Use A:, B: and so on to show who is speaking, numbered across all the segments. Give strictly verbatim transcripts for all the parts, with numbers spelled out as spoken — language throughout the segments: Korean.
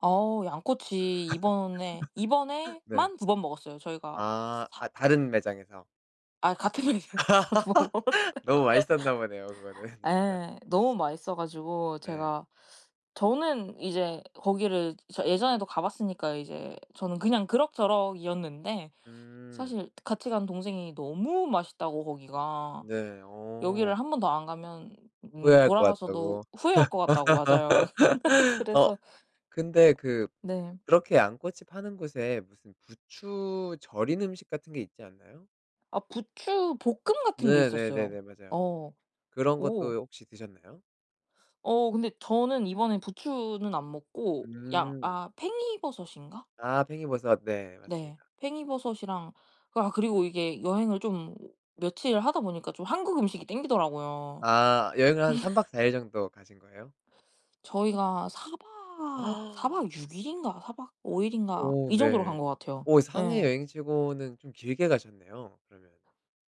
A: 어 양꼬치 이번에
B: 네.
A: 이번에만 두 번 먹었어요. 저희가 스
B: 아
A: 사
B: 아 다른 매장에서.
A: 아이 같은 매장에서 두 번 먹었어요.
B: 너무 맛있었나 보네요. 그거는 진짜.
A: 예, 너무 맛있어 가지고
B: 네.
A: 제가, 저는 이제 거기를 저 예전에도 가 봤으니까 이제 저는 그냥 그럭저럭이었는데
B: 음.
A: 사실 같이 간 동생이 너무 맛있다고 거기가.
B: 네.
A: "여기를
B: 어.
A: 한 번 더 안 가면 음
B: 후회할 것
A: 돌아가서도
B: 같다고.
A: 후회할 거 같다."고 맞아요.
B: 어
A: 그래서
B: 근데 그
A: 네.
B: 그렇게 양꼬치 파는 곳에 무슨 부추 절인 음식 같은 게 있지 않나요?
A: 아 부추볶음 같은 게 있었어요.
B: 네네네네, 맞아요.
A: 어
B: 그런 것도 요
A: 오.
B: 혹시 드셨나요?
A: 어 근데 저는 이번에 부추는 안 먹고 양
B: 음.
A: 아 팽이버섯인가?
B: 아 팽이버섯. 네,
A: 네.
B: 맞습니다.
A: 팽이버섯이랑 그 아 그리고 이게 여행을 좀 며칠을 하다 보니까 좀 한국 음식이 당기더라고요.
B: 아 여행을 한 삼 박 사 일 정도 가신 거예요?
A: 저희가 사 박, 사 박 육 일인가, 사 박 오 일인가
B: 오
A: 이 정도로
B: 네.
A: 간 것 같아요.
B: 어 상해
A: 예.
B: 여행 치고는 좀 길게 가셨네요. 그러면.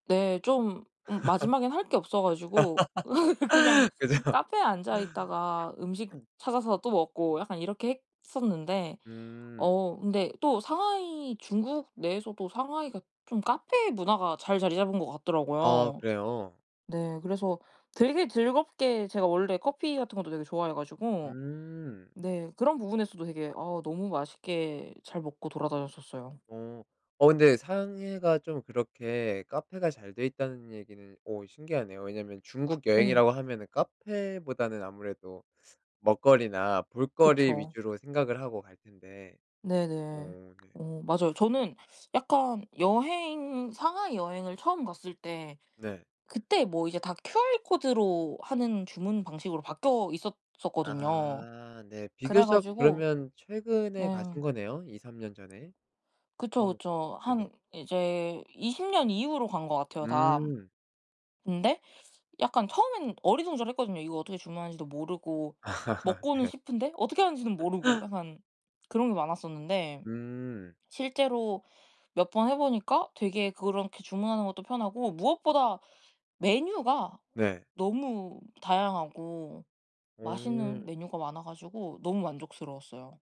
A: 네. 좀 음 마지막엔 할 게 없어 가지고 그냥
B: 그죠.
A: 카페에 앉아 있다가 음식 찾아서 또 먹고 약간 이렇게 했었는데
B: 음.
A: 어 근데 또 상하이 중국 내에서도 상하이가 좀 카페 문화가 잘 자리잡은 거
B: 아
A: 같더라고요.
B: 그래요?
A: 네. 그래서 되게 즐겁게 제가 원래 커피 같은 것도 되게 좋아해 가지고
B: 음.
A: 네. 그런 부분에서도 되게 아 너무 맛있게 잘 먹고 돌아다녔었어요.
B: 어 어 근데 상해가 좀 그렇게 카페가 잘 돼 있다는 얘기는 어 신기하네요. 왜냐면 중국
A: 네.
B: 여행이라고 하면은 카페보다는 아무래도 먹거리나 볼거리
A: 그쵸.
B: 위주로 생각을 하고 갈 텐데.
A: 네네.
B: 어 네.
A: 어 맞아요. 저는 약간 여행 상하이 여행을 처음 갔을 때
B: 네.
A: 그때 뭐 이제 다 QR코드로 하는 주문 방식으로 바뀌어 있었었거든요.
B: 아 네. 비교적
A: 그래가지고
B: 그러면 최근에
A: 예.
B: 가신 거네요? 이삼 년 전에.
A: 그쵸
B: 하묵 네.
A: 그쵸.
B: 네네.
A: 한 이제 이십 년 이후로 간 거 같아요 다.
B: 음.
A: 근데 약간 처음에는 어리둥절했거든요. 이거 어떻게 주문하는지도 모르고 먹고는
B: 네.
A: 싶은데, 어떻게 하는지는 모르고 약간 그런 게 많았었는데,
B: 음.
A: 실제로 몇 번 해 보니까 되게 그렇게 주문하는 것도 편하고 무엇보다 메뉴가
B: 네.
A: 너무 다양하고 맛있는
B: 음.
A: 메뉴가 많아 가지고 너무 만족스러웠어요.